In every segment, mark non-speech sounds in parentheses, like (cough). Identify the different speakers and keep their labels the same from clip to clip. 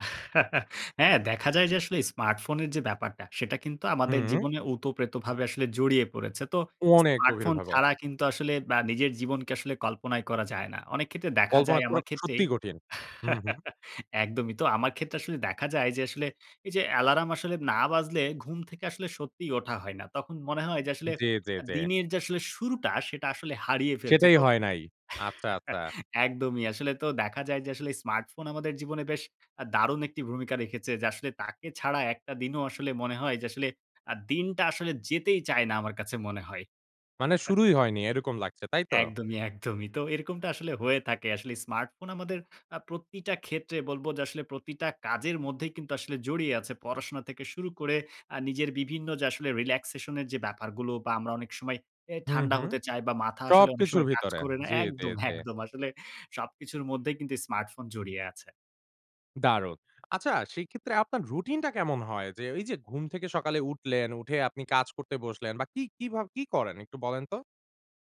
Speaker 1: (laughs) হ্যাঁ, দেখা যায় যে আসলে স্মার্টফোনের যে ব্যাপারটা সেটা কিন্তু আমাদের
Speaker 2: হুম।
Speaker 1: জীবনে উতপ্রতভাবে আসলে জড়িয়ে পড়েছে। তো
Speaker 2: অনেক
Speaker 1: স্মার্টফোন
Speaker 2: গভীরভাবে।
Speaker 1: ছাড়া কিন্তু আসলে বা নিজের জীবনকে আসলে কল্পনায় করা যায় না। অনেক ক্ষেত্রে দেখা
Speaker 2: কল্পনা
Speaker 1: যায়
Speaker 2: করা
Speaker 1: আমার ক্ষেত্রেই
Speaker 2: সত্যিই কঠিন। হুম, হুম।
Speaker 1: (laughs) একদমই তো। আমার ক্ষেত্রে আসলে দেখা যায় যে আসলে এই যে অ্যালার্ম আসলে না বাজলে ঘুম থেকে আসলে সত্যিই ওঠা হয় না। তখন মনে হয় যে আসলে
Speaker 2: জি, জি, জি।
Speaker 1: দিনের যে আসলে শুরুটা সেটা আসলে হারিয়ে ফেলছি
Speaker 2: সেটাই
Speaker 1: তো
Speaker 2: হয় নাই। আচ্ছা, আচ্ছা।
Speaker 1: একদমই। আসলে তো দেখা যায় যে আসলে স্মার্টফোন আমাদের জীবনে বেশ দারুণ একটি ভূমিকা রেখেছে। যে আসলে তাকে ছাড়া একটা দিনও আসলে মনে হয় যে আসলে আ দিনটা আসলে যেতেই চায় না আমার কাছে মনে হয়।
Speaker 2: মানে শুরুই
Speaker 1: (laughs)
Speaker 2: হয়নি এরকম লাগছে, তাই তো?
Speaker 1: একদমই, একদমই। তো এরকমটা আসলে হয়ে থাকে। আসলে স্মার্টফোন আমাদের আ প্রতিটা ক্ষেত্রে বলব যে আসলে প্রতিটা কাজের মধ্যেই কিন্তু আসলে জড়িয়ে আছে। পড়াশোনা থেকে শুরু করে আ নিজের বিভিন্ন যে আসলে রিল্যাক্সেশন এর যে ব্যাপারগুলো বা আমরা অনেক সময় এ
Speaker 2: হুম,
Speaker 1: ঠান্ডা
Speaker 2: হুম।
Speaker 1: হতে চাই বা মাথা
Speaker 2: সব
Speaker 1: আসলে অনেক
Speaker 2: কিছুর
Speaker 1: সময় কাজ
Speaker 2: ভিতরে।
Speaker 1: করে না।
Speaker 2: জি, জি,
Speaker 1: একদম,
Speaker 2: জি।
Speaker 1: একদম। আসলে সবকিছুর মধ্যেই কিন্তু স্মার্টফোন জড়িয়ে আছে।
Speaker 2: দারুন। আচ্ছা, সেইক্ষেত্রে আপনার রুটিন টা কেমন হয়? যে এই যে ঘুম থেকে সকালে উঠলেন উঠে আপনি কাজ করতে বসলেন বা কি, কি ভাবে কি করেন একটু বলেন তো?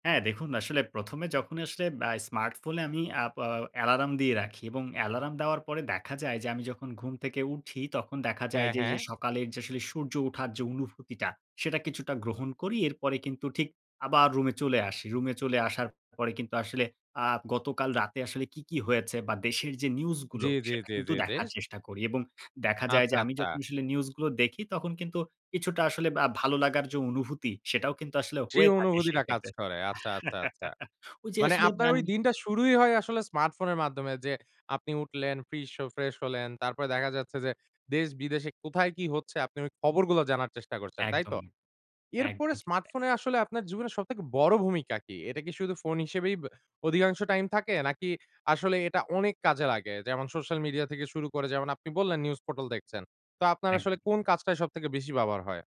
Speaker 1: হ্যাঁ দেখুন আসলে প্রথমে যখন আসলে আ স্মার্টফোনে আমি আ বা অ্যালার্ম র্দিয়ে রাখি এবং অ্যালার্ম দেওয়ার পরে দেখা যায় যে আমি যখন ঘুম থেকে উঠি তখন দেখা যায়
Speaker 2: হ্যাঁ,
Speaker 1: যে
Speaker 2: হ্যাঁ।
Speaker 1: এই সকালের যে আসলে সূর্য উঠার যে অনুভূতিটা সেটা কিছুটা গ্রহণ করি। এরপরে কিন্তু ঠিক আবার রুমে চলে আসি। রুমে চলে আসার পরে কিন্তু আসলে আ গতকাল রাতে আসলে কী, কী হয়েছে বা দেশের যে নিউজ
Speaker 2: জি,
Speaker 1: গুলো
Speaker 2: জি,
Speaker 1: সেটা
Speaker 2: জি,
Speaker 1: কিন্তু
Speaker 2: জি
Speaker 1: দেখার
Speaker 2: যেস
Speaker 1: চেষ্টা করি এবং দেখা যায় যে
Speaker 2: আচ্ছা,
Speaker 1: আমি
Speaker 2: আচ্ছা।
Speaker 1: যখন আসলে নিউজগুলো দেখি তখন কিন্তু কিছুটা আসলে আ ভালো লাগার যে অনুভূতি সেটাও কিন্তু আসলে
Speaker 2: সেই
Speaker 1: হয়ে থাকে
Speaker 2: অনুভূতিটা কাজ
Speaker 1: সেক্ষেত্রে।
Speaker 2: করে। আচ্ছা, আচ্ছা, আচ্ছা।
Speaker 1: (laughs) ওইযে
Speaker 2: মানে
Speaker 1: আসলে
Speaker 2: আপনার
Speaker 1: বান
Speaker 2: ওই দিনটা শুরুই হয় আসলে স্মার্টফোনের মাধ্যমে যে আপনি উঠলেন, ফিশ অ ফ্রেশ হলেন, তারপরে দেখা যাচ্ছে যে দেশ বিদেশে কোথায় কি হচ্ছে আপনি ওই খবরগুলো জানার চেষ্টা করছেন। তাই তো?
Speaker 1: একদমই।
Speaker 2: এরপরে
Speaker 1: একদমই ঠিক তাই।
Speaker 2: স্মার্টফোনে আসলে আপনার জীবনের সবথেকে বড় ভূমিকা কি? এটা কি শুধু ফোন হিসেবেই বে অধিকাংশ টাইম থাকে নাকি আসলে এটা অনেক কাজে লাগে। যেমন সোশ্যাল মিডিয়া থেকে শুরু করে যেমন আপনি বললেন নিউজ পোর্টাল দেখছেন। তা আপনার
Speaker 1: একদম।
Speaker 2: আসলে কোন কাজটায় সবথেকে বেশি ব্যবহার হয়?